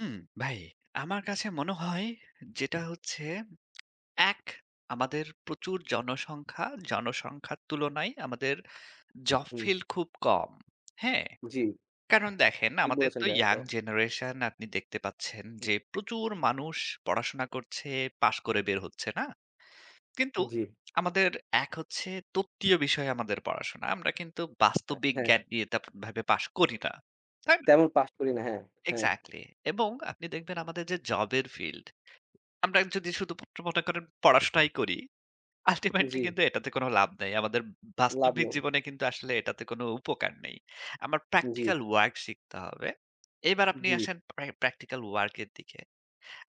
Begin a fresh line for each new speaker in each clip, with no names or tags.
হুম, ভাই আমার কাছে মনে হয় যেটা হচ্ছে, এক আমাদের প্রচুর জনসংখ্যা, জনসংখ্যার তুলনায় আমাদের জব
হুম।
ফিলড খুব কম। হ্যাঁ?
জি।
কারণ দেখেন,
ঠিক
আমাদের
বলেছেন
তো
ভাই,
ইয়ং
এটাও।
জেনারেশন, আপনি দেখতে পাচ্ছেন
হুম।
যে, প্রচুর মানুষ পড়াশোনা করছে, পাশ করে বের হচ্ছে। না? কিন্তু
জি।
আমাদের এক হচ্ছে, তত্ত্বীয় বিষয়ে আমাদের পড়াশোনা। আমরা কিন্তু
আ
বাস্তবিক
হ্যাঁ।
জ্ঞান নিয়ে তাত ভেবে পাস করি না। তাই না?
তেমন পাস করি না। হ্যাঁ, হ্যাঁ।
এক্সাক্টলি। এবং আপনি দেখবেন আমাদের যে জবের ফিল্ড, আমরা যদি শুধুমাত্র মনে করেন পড়াশোনাই করি, আল্টিমেটলি
জি।
কিন্তু এটাতে কোন লাভ নাই। আমাদের
লাভ
বাস্তবিক
নেই।
জীবনে কিন্তু আসলে এটাতে কোন উপকার নেই। আমার
জি।
প্র্যাকটিক্যাল ওয়ার্ক শিখতে হবে। এবার আপনি
জি।
আসেন পা প্র্যাকটিক্যাল ওয়ার্ক এর দিকে।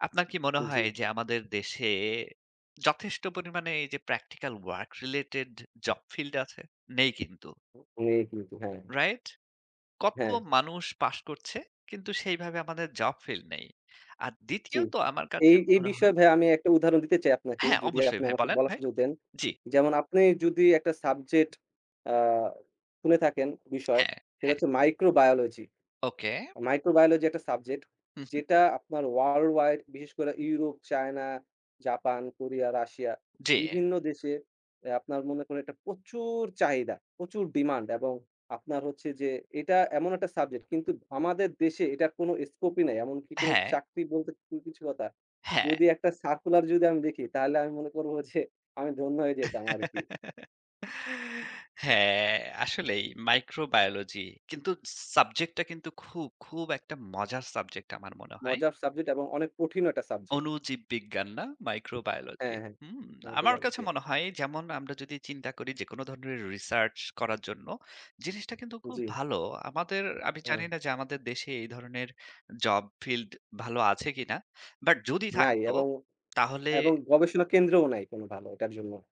আপনার কি মনে
জি।
হয় যে, আমাদের দেশে যথেষ্ট পরিমাণে এই যে practical work related job field, আছে? নেই কিন্তু।
অ অনেক কিন্তু। হ্যাঁ।
রাইট। কত
হ্যাঁ।
মানুষ পাস করছে, কিন্তু সেইভাবে আমাদের জব ফিল্ড নেই আর
জি,
দ্বিতীয়ত আমার কাছে
এই, এই
মনে হয়
বিষয়ে ভাইয়া আমি একটা উদাহরণ দিতে চাই আপনাকে,
হ্যাঁ,
যদি
অবশ্যই
আপনি
ভাই।
আমাকে
বলেন
বলার
ভাই।
সুযোগ দেন।
জি।
যেমন আপনি যদি একটা সাবজেক্ট আ শুনে থাকেন বিষয়,
হ্যাঁ,
সেটা
হ্যাঁ।
হচ্ছে মাইক্রোবায়োলজি।
ওকে।
মাইক্রোবায়োলজি একটা সাবজেক্ট।
হুম, হুম।
যেটা আপনার ওয়ার্লড ওয়াইড বিশেষ করে Europe, China, Japan, Korea, Russia
জি।
বিভিন্ন দেশে এ আপনার মনে করেন একটা প্রচুর চাহিদা, প্রচুর ডিমান্ড এবং আপনার হচ্ছে যে, এটা এমন একটা সাবজেক্ট, কিন্তু আমাদের দেশে এটার কোনো স্কোপ -ই নাই। এমনকি কোন
হ্যাঁ।
চাকরি বলতে কোনো কিছু কথা,
হ্যাঁ।
যদি একটা সার্কুলার যদি আমি দেখি, তাহলে আমি মনে করবো যে, আমি ধন্য হয়ে যেতাম আরকি।
হ্যাঁ, আসলেই। মাইক্রোবায়োলজি, কিন্তু সাবজেক্টটা কিন্তু খুব, খুব একটা মজার সাবজেক্ট আমার মনে হয়।
মজার সাবজেক্ট এবং অনেক কঠিনও একটা সাবজেক্ট।
অণুজীব বিজ্ঞান। না? মাইক্রোবায়োলজি।
হ্যাঁ, হ্যাঁ।
হুম।
অনেকটা
আমার
দারুন।
কাছে
জি।
মনে হয়, যেমন আমরা যদি চিন্তা করি যেকোন ধরনের রিসার্চ করার জন্য, জিনিসটা কিন্তু খুব
জি।
ভালো। আমাদের, আমি জানি
হ্যাঁ।
না যে, আমাদের দেশে এই ধরনের জব ফিল্ড ভালো আছে কিনা? বাট যদি
নাই।
থাকতো
এবং
তাহলে
এবং গবেষণা কেন্দ্রও নাই কোন ভালো ওটার জন্য।